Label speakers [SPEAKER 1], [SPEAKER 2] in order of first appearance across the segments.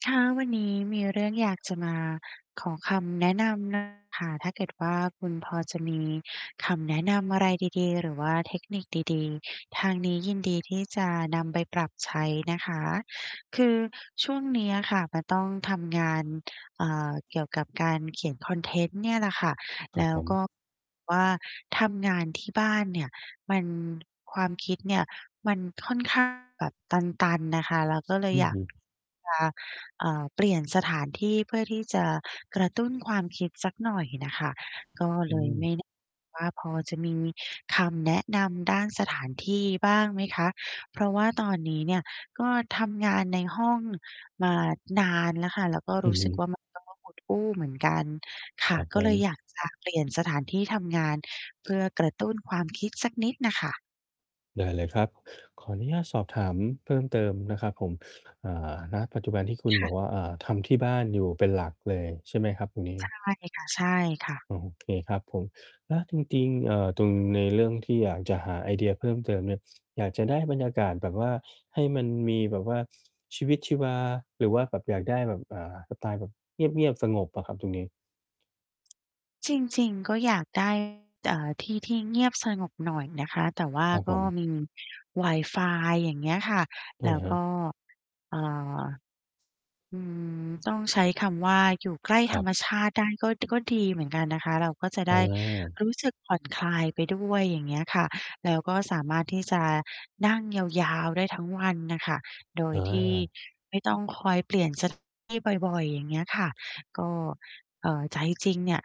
[SPEAKER 1] ค่ะ วันนี้มีเรื่องอยากจะมาขอคำแนะ นำ ค่ะ ถ้าเกิดว่า คุณพอจะมีคำแนะนำอะไรดี ๆ หรือว่าเทคนิคดี ๆ ทางนี้ยินดีที่จะนำไปปรับใช้นะคะ คือช่วงนี้อะค่ะจะต้องทำงาน อ่า เกี่ยวกับการเขียนคอนเทนต์เนี่ยแหละค่ะ
[SPEAKER 2] คร
[SPEAKER 1] แ
[SPEAKER 2] ั
[SPEAKER 1] ล
[SPEAKER 2] บ
[SPEAKER 1] ้
[SPEAKER 2] ผ
[SPEAKER 1] ว
[SPEAKER 2] ม
[SPEAKER 1] ก็แบบ ว่าทำงานที่บ้านเนี่ย มัน ความคิดเนี่ยมันค่อน ข้าง แบบตัน ๆ น่ะค่ะ เราก็เล
[SPEAKER 2] อ
[SPEAKER 1] ย
[SPEAKER 2] ือ
[SPEAKER 1] อยา
[SPEAKER 2] ฮ
[SPEAKER 1] ก
[SPEAKER 2] ึ
[SPEAKER 1] จะ อ่า เปลี่ยนสถานที่เพื่อที่จะกระตุ้นความคิดสักหน่อยน่ะค่ะ ก็
[SPEAKER 2] อ
[SPEAKER 1] เ
[SPEAKER 2] ื
[SPEAKER 1] ลย
[SPEAKER 2] ม
[SPEAKER 1] ไม่ แน่ ว่าพอจะมีคำแนะนำด้านสถานที่บ้างไหมคะ? เพราะว่าตอนนี้เนี่ย ก็ทำงานในห้องมานานแล้วค่ะ แล้วก็
[SPEAKER 2] อื
[SPEAKER 1] รู
[SPEAKER 2] อ
[SPEAKER 1] ้
[SPEAKER 2] ฮ
[SPEAKER 1] สึกว
[SPEAKER 2] ึ
[SPEAKER 1] ่า มันก็อุดอู้ เหมือนกัน ค
[SPEAKER 2] ค
[SPEAKER 1] ่
[SPEAKER 2] ร
[SPEAKER 1] ะ
[SPEAKER 2] ับ
[SPEAKER 1] ก
[SPEAKER 2] ผ
[SPEAKER 1] ็เลย
[SPEAKER 2] ม
[SPEAKER 1] อยาก จะ เปลี่ยนสถานที่ทำงาน เพื่อกระตุ้นความคิดสักนิดน่ะค่ะ
[SPEAKER 2] ได้เลยครับ ขออนุญาตสอบถามเพิ่มเติมนะครับผม อ่า ณ ปัจจุบันที่คุ
[SPEAKER 1] ค
[SPEAKER 2] ณบ
[SPEAKER 1] ่
[SPEAKER 2] อ
[SPEAKER 1] ะ
[SPEAKER 2] กว่า อ่า ทำที่บ้านอยู่เป็นหลักเลยใช่ไหมครับวันนี
[SPEAKER 1] ใช
[SPEAKER 2] ้?
[SPEAKER 1] ่ค่ะ ใช่ค่ะ
[SPEAKER 2] โอเค ครับผม แล้วจริง ๆ เอ่อ ตรงใน เรื่องที่อยากจะหาไอเดียเพิ่มเติมเนี่ย อยากจะได้บรรยากาศแบบว่า ให้มันมีแบบว่า ชีวิตชีวา หรือว่าแบบอยากได้แบบ อ่า สไตล์แบบเงียบ ๆ สงบอะครับตรงนี้?
[SPEAKER 1] จริง ๆ ก็อยาก ได้ อ่า ที่ที่เงียบสงบหน่อยนะคะ แต่ว่า
[SPEAKER 2] ครับ
[SPEAKER 1] ก
[SPEAKER 2] ผ
[SPEAKER 1] ็
[SPEAKER 2] ม
[SPEAKER 1] มีวายฟาย อย่างเงี้ยค่ะ
[SPEAKER 2] อื
[SPEAKER 1] แล
[SPEAKER 2] อ
[SPEAKER 1] ้ว
[SPEAKER 2] ฮึ
[SPEAKER 1] ก็ อ่า อืม ต้องใช้คำว่าอยู่ใกล้
[SPEAKER 2] ค
[SPEAKER 1] ธ
[SPEAKER 2] รั
[SPEAKER 1] รร
[SPEAKER 2] บ
[SPEAKER 1] มชาติได้ ก็ ก็ดีเหมือนกันนะคะ เราก็จะ
[SPEAKER 2] อ
[SPEAKER 1] ได้
[SPEAKER 2] า
[SPEAKER 1] รู้สึก ผ่อนคลายไปด้วย อย่างเงี้ยค่ะ แล้วก็สามารถที่จะ นั่งยาว ๆ ได้ทั้งวันน่ะค่ะ โดย
[SPEAKER 2] อ
[SPEAKER 1] ที่
[SPEAKER 2] า
[SPEAKER 1] ไม่ต้องคอยเปลี่ยน สถานที่ บ่อย ๆ อย่างเงี้ยค่ะ ก็ เอ่อ ใจจริงเนี่ย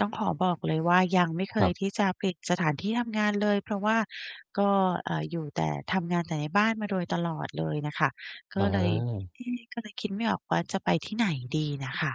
[SPEAKER 1] ต้องขอบอกเลยว่า ยังไม่เค
[SPEAKER 2] ครั
[SPEAKER 1] ย
[SPEAKER 2] บ
[SPEAKER 1] ที่จะปิดสถานที่ทำงานเลย เพราะว่าก็ เอ่อ อยู่แต่ ทำงานแต่ในบ้านมาโดยตลอด เลยน่ะค่ะ ก
[SPEAKER 2] อ
[SPEAKER 1] ็เลย
[SPEAKER 2] า
[SPEAKER 1] เอ๊ ก็เลยคิด ไม่ออกว่า จะไปที่ไหนดีน่ะค่ะ